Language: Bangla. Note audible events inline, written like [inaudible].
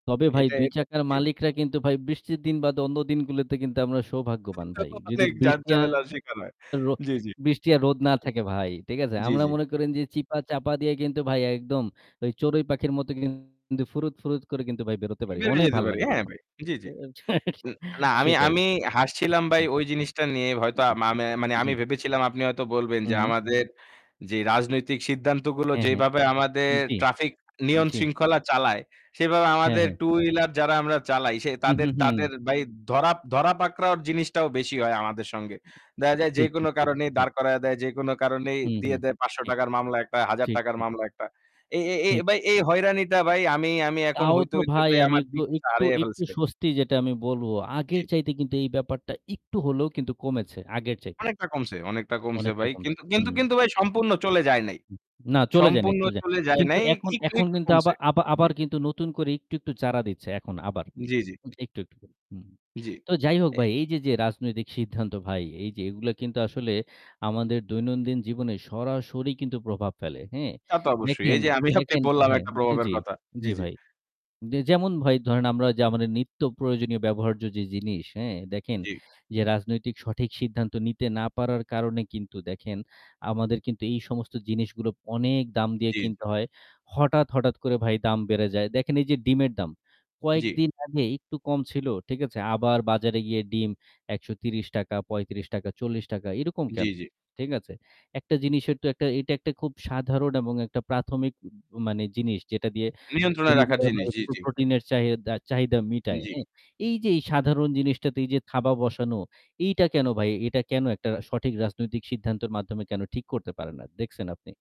তবে ভাই এটা, ২ এটা চাকার জি। মালিকরা কিন্তু ভাই বৃষ্টির দিন বাদে অন্য দিনগুলোতে কিন্তু আমরা সৌভাগ্যবান ভাই। [unintelligible] যদি অনেক বৃষ্টি ঝাঁজঝামেলা শেখা হয়। আরো জি, জি। বৃষ্টি আর রোদ না থাকে ভাই। ঠিক আছে? জি, আমরা জি। মনে করেন যে চিপা-চাপা দিয়ে কিন্তু ভাই একদম ওই চড়ুই পাখির মতো কিন্তু ফুরুৎ, ফুরুৎ করে কিন্তু ভাই বেরোতে পারি। বের হয়ে অনেক যাইতে ভাল পারি, লাগে হ্যাঁ তখন। ভাই। জি, তো জি। [chuckles] না, আমি, সেটাই। আমি হাসছিলাম ভাই [unintelligible] ওই জিনিসটা নিয়ে। হয়তো আ জি, মামে মানে জি। আমি ভেবেছিলাম আপনি হয়তো বলবেন হু, যে হুম। আমাদের যে রাজনৈতিক সিদ্ধান্তগুলো হ্যাঁ, হ্যাঁ। যেভাবে আমাদের জি, traffic নিয়ম জি। শৃঙ্খলা চালায়, সেভাবে হ্যাঁ, আমাদের হ্যাঁ। 2 wheeler যারা আমরা চালাই সে হু, হু, তাদের হু। তাদের ভাই ধরা ধরা পাকড়াওর জিনিসটাও বেশি হয় আমাদের সঙ্গে। দেখা যায় ঠিক, যেকোনো ঠিক, ঠিক, কারণেই ঠিক। দাঁড় করায়া দেয়, যেকোনো কারণেই হুম, দিয়ে হুম। দেয় পাঁচশো ঠিক। টাকা র মামলা একটা, হাজার ঠিক, টাকার উ মামলা একটা। এই এই এই ঠিক। ভাই এই হয়রানিটা ভাই আমি আমি এখন তাও হইতে, তো হইতে ভাই ভাই আমি আমার একটু দিক সা একটু হারায়ে একটু ফেলছি ভাই। স্বস্তি যেটা আমি বলব। জি। আগের চাইতে কিন্তু এই ব্যাপারটা একটু হলেও কিন্তু কমেছে। আগের চাইতে। অনেকটা কমছে, অনেকটা কমছে অনেকটা ভাই। কমছে। কিন্তু কিন্তু হুম। কিন্তু ভাই ঠিক। সম্পূর্ণ চলে যায় নাই। উহ না চলে যায়নি, সম্পূর্ণ চলে যায়। চলে যায় কিন্তু নাই। এখন, একটু, এখন একটু কিন্তু আবা কমছে। আবা জি। আবার কিন্তু নতুন করে একটু, একটু চাড়া দিচ্ছে এখন আবার। জি, জি। উম একটু, একটু হুম। জি। তো যাই হোক অ্যা ভাই, এইযে, যে রাজনৈতিক সিদ্ধান্ত ভাই, এই যে এগুলা কিন্তু আসলে আমাদের দৈনন্দিন জীবনে সরাসরি কিন্তু প্রভাব ফেলে, হ্যাঁ? তা তো অবশ্যই। দেখেন, এই যে অ্যা আমি আপনি দেখেন অ্যা বললাম হ্যাঁ একটা প্রভাবের জি, কথা। জি, জি জি। ভাই। যে যেমন ভাই ধরেন আমরা যা আমাদের নিত্য প্রয়োজনীয় ব্যবহার্য যে জিনিস, হ্যাঁ? দেখেন জি। যে রাজনৈতিক সঠিক সিদ্ধান্ত নিতে না পারার কারণে কিন্তু দেখেন আমাদের কিন্তু এই সমস্ত জিনিসগুলো অনেক দাম দিয়ে জি। কিনতে হয়। হঠাৎ, হঠাৎ করে ভাই দাম বেড়ে যায়। দেখেন এই যে ডিমের দাম। জি। কয়েকদিন আগে একটু কম ছিল। ঠিক আছে? আবার বাজারে গিয়ে ডিম ৳১৩০, ৳৩৫, ৳৪০ এরকম জি, কেনো? জি। ঠিক আছে? একটা জিনিসের তো একটা এটা একটা খুব সাধারণ এবং একটা প্রাথমিক মানে জিনিস যেটা দিয়ে নিয়ন্ত্রণে রাখা গরিবের জিনিস। ভাই জি, প্র জি। প্রোটিনের চাহিদা চাহিদা মিটায়, জি। হ্যাঁ? এই যে এই সাধারণ জিনিসটাতে এই যে থাবা বসানো, এইটা কেনো ভাই? এটা কেনো একটা সঠিক রাজনৈতিক সিদ্ধান্তের মাধ্যমে কেনো ঠিক করতে পারে না? দেখছেন আপনি?